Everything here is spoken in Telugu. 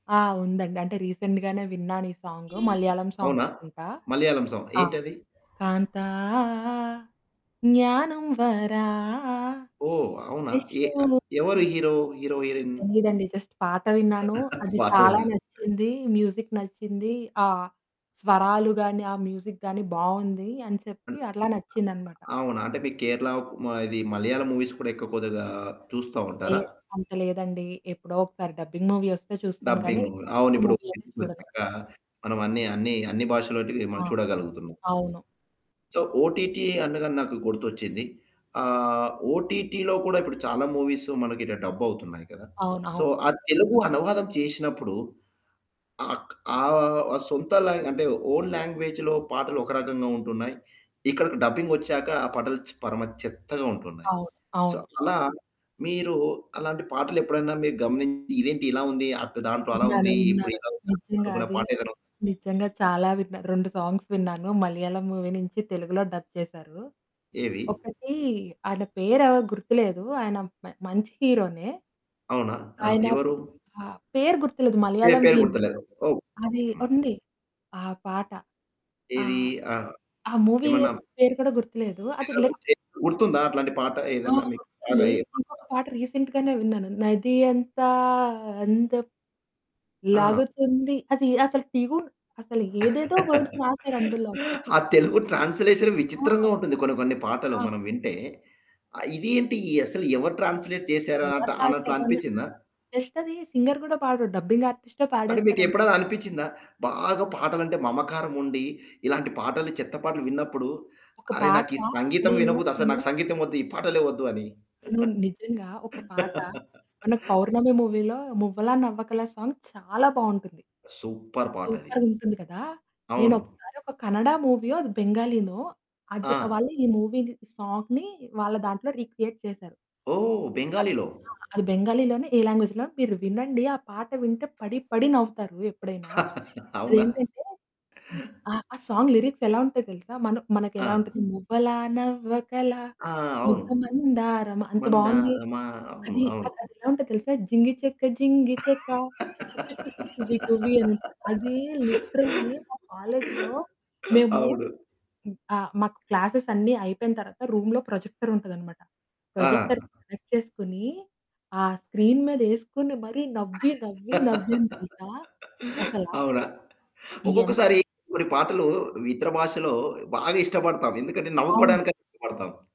ఆ! ఉందండి అంటే, రీసెంట్‌గానే విన్నాను ఈ సాంగు మలయాళం అవునా? సాంగనుకుంటా, మలయాళం సాంగ్ ఆ! ఏంటది? కాంతా జ్ఞానం వరా ఓహ్! అవునా? ఎ ఇషు ఎవరు ఆహ్ హీరో? Hero heroine. తెలీదండి జస్ట్ పాట విన్నాను, అది పాట చాలా విన్నారు. నచ్చింది, మ్యూజిక్ నచ్చింది, ఆ స్వరాలు గానీ, ఆ మ్యూజిక్ గాని బావుంది అని అ చెప్పి అట్లా నచ్చిందనమాట. అ అవునా? అంటే మీకు కేరళ కుమ ఇది మలయాళం మూవీస్ కూడా ఎక్కువ కొద్దిగా చూస్తా ఉంటారా? లేదు. అంత లేదండి. ఎప్పుడో ఒకసారి డబ్బింగ్ మూవీ వస్తే చూస్తాను. కానీ డబ్బింగు. డైరెక్ట్ అవునిప్పుడు మూవీ అయితే చూడను. డబ్బింగొచ్చాక మనం అన్ని అన్ని అన్ని భాషలోటివి మనం ఆ! చూడగలుగుతున్నాం. అవును. సో, ఓటిటి అనగానే నాకు గుర్తొచ్చింది. ఆహ్, ఓటిటిలో కూడా ఇప్పుడు చాలా మూవీస్ మనకిట్టా డబ్ అవుతున్నాయి కదా! సో అవునవును. ఆ తెలుగు అనువాదం చేసినప్పుడు ఆక్ ఆహ్, సొంత లా అంటే ఓన్ లాంగ్వేజ్‌లో పాటలు ఒక రకంగా ఉంటున్నాయి. ఇక్కడికి డబ్బింగ్ వచ్చాక ఆ పాటలు చె పరమ చెత్తగా ఉంటున్నాయి. అవును. సో అవును. అలా మీరు అలాంటి పాటలు ఎప్పుడైనా మీరు గమనించి ఇదేంటి ఇలా ఉంది అటు దాంట్లో అలా విన్నాను, ఉంది ఇప్పుడు విన్నాను. ఇలా ఉంది నిజంగా అనుకున్న అది పాట ఏదైనా ఉన్ నిజంగా చాలా విన్నాను. 2 సాంగ్స్ విన్నాను. మలయాళం మూవీ నుంచి తెలుగులో డబ్ చేసారు. ఏవి? ఒకటి ఆయన పేరేదో గుర్తులేదు. ఆయన మ మంచి హీరోనే. అవునా? ఆ! ఆయన ఎవరు? ప పేరు గుర్తులేదు. పే మలయాళం పేరు హీరో గుర్తులేదు. ఓహ్! అది హ్మ్. ఉంది. ఆ పాట ఏది? ఆహ్, ఆ! ఆ మూవీ ఏమన్నా పేరు కూడా గుర్తులేదు. అది లైక్ [unintelligible] గుర్తుందా? అట్లాంటి పాట ఆ! ఏదన్నా మీకు బాగా గుర్తుంది. ఏ పాటలా? ఇంకొక పాట రీసెంట్‌గానే విన్నాను నది అంతా అందమ్ ఆ! లాగుతుంది అది అసలు ట్యూన్ అసలు ఏదేదో వర్డ్స్ రాసారు అందులో అసలా. ఆ! తెలుగు ట్రాన్స్‌లేషన్ ఆ! విచిత్రంగా ఉంటుంది కొన్ని కొన్ని పాటలు అవు మనం వింటే. ఆహ్, ఇది ఏంటి అసలు ఎవరు ట్రాన్స్‌లే‌ట్ చేసారాట ఎవరు అన్నట్లు రాసారున్నా అనిపిచ్చిందా? ఆహ్, జస్ట్ అది. సింగర్ కూడా పాడడు డబ్బింగ్ ఆర్టిస్టే అంటే మీకు పాడేస్తారన్ ఎప్పుడైనా అనిపిచ్చిందా? బాగా పాటలు అంటే మమకారం ఉండి, ఇలాంటి పాటలు చెత్త పాటలు విన్నప్పుడు ఒక అరె పాట, నాకు ఈ సంగీతం నేను వినబుద్ది అసలు నేను నాకు సంగీతం వద్దు, ఈ పాటలే వద్దు అని. నేను నిజంగా ఒక పాట మన 'పౌర్ణమి' మూవీ‌లో 'మువ్వలా నవ్వకల' సాంగ్ చాలా బావుంటుంది. సూపర్ పాటది. సూపర్‌గుంటుంది కదా! అవును. నేనొకసారి ఒక కన్నడ మూవీయో, అది బెంగాలీనో అది ఆ! వాళ్ళు ఈ మూవీని సాంగ్‌ని వాళ్ళ దాంట్లో రీక్రియేట్ చేశారు. ఓహ్! అది, బెంగాలీలో. ఆ! అది బెంగాలీలోనే ఏ లాంగ్వేజ్‌లోనో మీరు వినండి. ఆ పాట వింటే పడి పడి నవ్వుతారు. ఎప్పుడైనా అవునా? అదేంటంటే, హ్మ్. ఆహ్, ఆ సాంగ్ లిరిక్స్ ఎలా ఉంటాయో తెలుసా. మన మనకు ఎలా ఆ! ఉంటది, మువ్వలా నవ్వకలా ఆ! అవును. ముద్దమందారమా అంత బావుంది. మందారమా. అవును. అది, అవును. అసలా అదేలా ఉంటదో తెలుసా? జింగి చెక జింగి చెక [unintelligible] టువి టూవీ అనుంటది. అది లిటరల్లి మా కాలేజీలో మేము అవును. ఆ! మాకు క్లాసెస్ అన్ని అయిపోయిన తరువాత రూమ్‌లో ప్రొజెక్టర్ ఉంటది అన్నమాట. ప్రొజెక్టర్‌కి ఆ! కనెక్ట్ చేసుకొని, ఆ స్క్రీన్ మీద ఎసుకొని మరి నవ్వి నవ్వి నవ్వాం తెలుసా అసలా. అవునా? ఎంత్ ఒక్కొక్కసారి, కొన్ని పాటలు ఇతర భాషలో బాగా ఇష్టపడతాం. ఎందుకంటే అవును. నవ్వుకోవడానికైనా ఇష్టపడతాం.